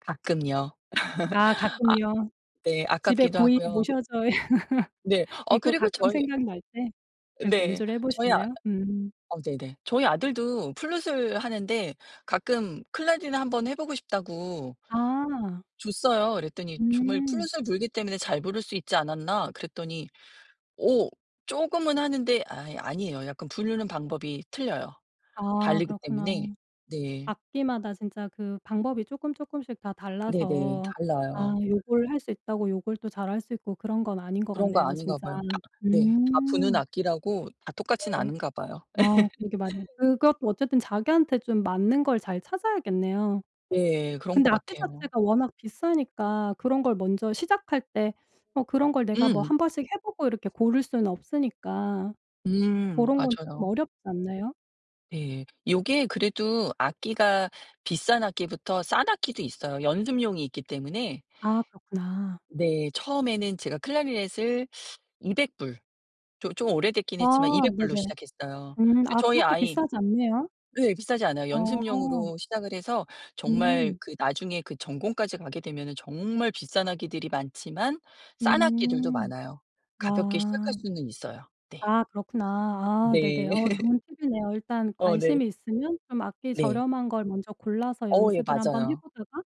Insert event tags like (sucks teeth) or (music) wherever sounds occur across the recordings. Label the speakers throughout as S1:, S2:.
S1: 가끔요. (laughs)
S2: 아 가끔요.
S1: 아 네.
S2: 집에
S1: 아깝기도
S2: 고이
S1: 하고요.
S2: 모셔져 (laughs)
S1: 네. 어
S2: 있고
S1: 그리고
S2: 가끔
S1: 저희
S2: 생각날 때 이렇게
S1: 네.
S2: 연주를 해
S1: 저희 아
S2: 보시나요? 음.
S1: 아 네네. 저희 아들도 플루트을 하는데 가끔 "클라리넷 한번 해 보고 싶다."고
S2: 아.
S1: 줬어요. 이랬더니 정말
S2: 음.
S1: '플루트을 불기 때문에 잘 부를 수 있지 않았나?' 그랬더니 어 쪼금은 하는데 아이 아니에요. 약간 부르는 방법이 틀려요.
S2: 아
S1: 다르기
S2: 그렇구나.
S1: 때문에 네.
S2: 악기마다 진짜 그 방법이 쪼끔쪼끔씩 다
S1: 네네.
S2: 달라서 아
S1: 달라요.
S2: 요걸 할 수 있다고 요걸 또 잘할 수 있고 그런 건 아닌 것
S1: 그런 거
S2: 같네요
S1: 아닌가
S2: 진짜.
S1: 봐요. 네. 다 부는
S2: 음.
S1: 악기라고 다 똑같진
S2: 네.
S1: 않은가 봐요.
S2: 아 그게 맞
S1: (laughs)
S2: 그것도 어쨌든 자기한테 좀 맞는 걸 잘 찾아야겠네요.
S1: 예. 그런 것
S2: 근데 악기
S1: 같아요.
S2: 자체가 워낙 비싸니까 그런 걸 먼저 시작할 때 뭐 그런 걸 내가 뭐
S1: 음.
S2: 1 번씩 해보고 이렇게 고를 수는 없으니까
S1: 음
S2: 고런 건 쪼끔
S1: 맞아요.
S2: 어렵지 않나요?
S1: 예. 요게 그래도 악기가 비싼 악기부터 싼 악기도 있어요. 연습용이 있기 때문에.
S2: 아 그렇구나.
S1: 네. 처음에는 제가 클라리넷을 (sucks teeth) $200 조 좀 오래됐긴 했지만
S2: 아
S1: $200 로
S2: 네네.
S1: 시작했어요.
S2: 음.
S1: 예
S2: 아
S1: 저희
S2: 그렇게
S1: 아이
S2: 비싸지 않네요?
S1: 예 비싸지 않아요.
S2: 아.
S1: 연습용으로 시작을 해서 정말
S2: 음.
S1: 그 나중에 그 전공까지 가게 되면은 정말 비싼 악기들이 많지만 싼 악기들도
S2: 음.
S1: 많아요. 가볍게 시작할
S2: 아.
S1: 수는 있어요. 네.
S2: 아 그렇구나. 아 네네.
S1: 네.
S2: 어
S1: (laughs)
S2: 좋은 팁이네요. 일단
S1: 어 네.
S2: 관심이 있으면 좀 악기
S1: 네.
S2: 저렴한 걸 먼저 골라서
S1: 어 예
S2: 연습을 한번 해
S1: 맞아요.
S2: 보다가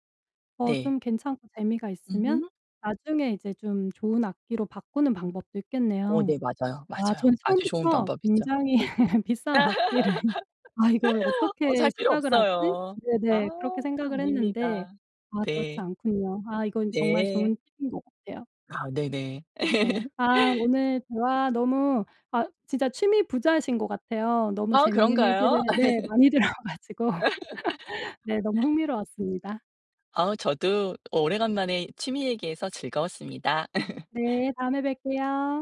S2: 어
S1: 네.
S2: 좀 괜찮고 재미가 있으면
S1: 으흠.
S2: 나중에 이제 좀 좋은 악기로 바꾸는 방법도
S1: 어
S2: 있겠네요.
S1: 네. 맞아요.
S2: 아
S1: 맞아요.
S2: 저는
S1: 아주 좋은
S2: 처음부터
S1: 방법이죠.
S2: 굉장히 비싼 악기를 '아 이걸
S1: (laughs) 어
S2: 어떻게
S1: 살 필요
S2: 시작을 하지?'
S1: 없어요. 아
S2: 네네. 그렇게 생각을 했는데
S1: 아닙니다.
S2: 아 그렇지
S1: 네.
S2: 않군요. 아 이건 정말
S1: 네.
S2: 좋은 팁인 것 같아요.
S1: 아 네네.
S2: 네. 아
S1: (laughs)
S2: 오늘 대화 너무 아 진짜 취미 부자이신 것 같아요. 너무
S1: 아
S2: 재밌는 얘기를
S1: 그런가요?
S2: 네
S1: (laughs)
S2: 많이 들어 가지고 네 너무
S1: (laughs)
S2: 흥미로웠습니다.
S1: 아 저도 오래간만에 취미 얘기해서 즐거웠습니다. (laughs)
S2: 네. 다음에 뵐게요.